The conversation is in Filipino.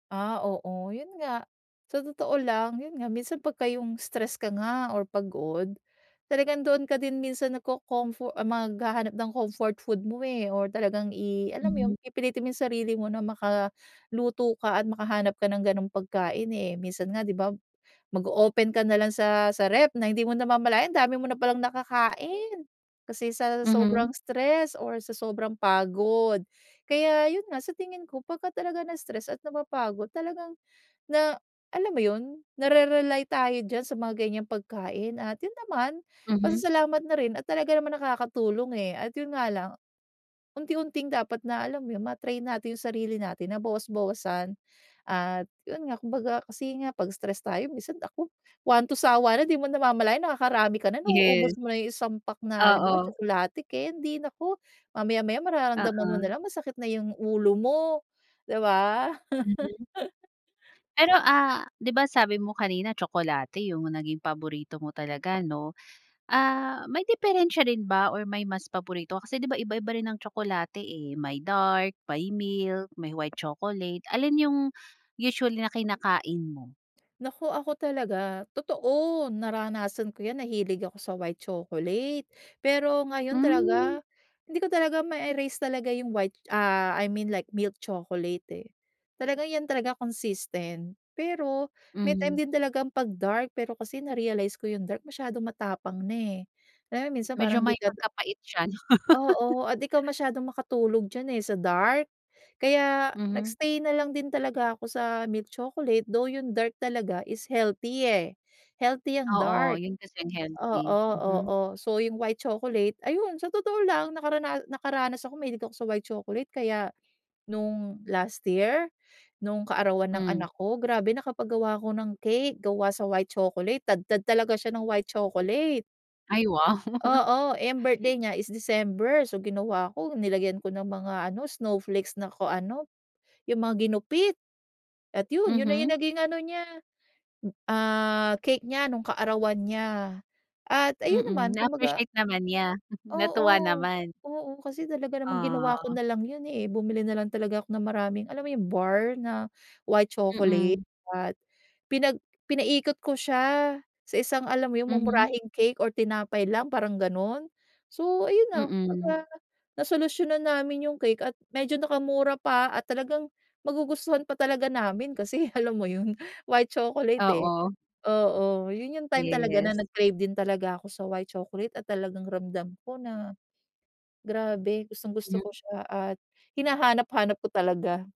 Ah, oo yun nga, sa totoo lang yun nga minsan pagka yung stress ka nga or pagod. Talagang doon ka din minsan nagcocomfor maghahanap ng comfort food mo eh or talagang i alam mo yun Mhm. pipilitin mo yung sarili mo na maka luto ka at makahanap ka ng ganong pagkain eh. Minsan nga di ba mag o-open ka nalang sa sa ref na hindi mo namamalayan dami mo na palang nakakain kasi sa Mhm. sobrang stress or sa sobrang pagod. Kaya yun nga sa tingin ko pagka talaga na-stress at napapagod talagang, na alam mo yun, narerely tayo dyan sa mga ganyang pagkain at yun naman Mhm. pasasalamat na rin at talaga naman nakakatulong eh at yun nga lang. Unti-unting dapat na alam yun ma-train natin yung sarili natin na bawas-bawasan at yun nga kumbaga kasi nga pag stress tayo minsan naku one to sawa na di mo namamalayan nakakarami ka na nauubos Yes mo na yung isang pack na halimbawa oo. tsokolate, kendi, naku mamaya-maya mararamdaman mo Oo. nalang masakit na yung ulo mo, di ba? Mm, pero, ah, di ba sabi mo kanina tsokolate yung naging paborito mo talaga no? Ah, may diperensiya rin ba or may mas paborito ka? Kasi diba iba-iba rin ang tsokolate eh may dark, may milk, may white chocolate. Alin yung usually na kinakain mo? Naku ako talaga, totoo naranasan ko yan nahilig ako sa white chocolate. Pero ngayon talaga Mm. hindi ko talaga ma-erase talaga yung white ah I mean like milk chocolate eh. Talaga yan talaga consistent, pero may time Mhm. din talagang pag dark pero kasi narealize ko yung dark masyadong matapang na eh. Lalo minsan parang Medyo di may ka pagkapait siya 'no. Oo, at di ka masyadong makatulog diyan eh sa dark. Kaya Mhm. nag-stay nalang din talaga ako sa milk chocolate though yung dark talaga is healthy eh. Healthy ang Oo dark yun kasi ang healthy, oo mhm. oo so yung white chocolate, ayun sa totoo lang nakarana nakaranas ako mahilig ako sa white chocolate kaya nung last year, nung kaarawan ng Mm. anak ko, grabe nakapag gawa ako ng cake gawa sa white chocolate, tadtad talaga siya ng white chocolate. Ay wow. Oo eh ang birthday niya is December so ginawa ko nilagyan ko ng mga ano snowflakes na kung ano, yung mga ginupit at yun, yun na yung Mhm. naging ano niya ah cake nya nung kaarawan niya at ayun Mm, naman na kumbaga. appreciate naman niya? Natuwa Oo, naman? oo kasi talaga namang ginawa ko Ah. na lang yun eh, bumili nalang talaga ako ng maraming alam mo yung bar na white chocolate Mm. at pinag pinaikot ko siya sa isang alam mo yun Mhm. mumurahing cake or tinapay lang parang ganon, so ayun na. Mm. Kumbaga nasolusyunan namin yung cake at medyo nakamura pa at talagang magugustuhan pa talaga namin, kasi alam mo yun white chocolate eh. Oo. Oo yun yung time talaga na Yes. nag crave din talaga ako sa white chocolate at talagang ramdam ko na grabe gustong gusto ko Mm. siya at hinahanap hanap ko talaga.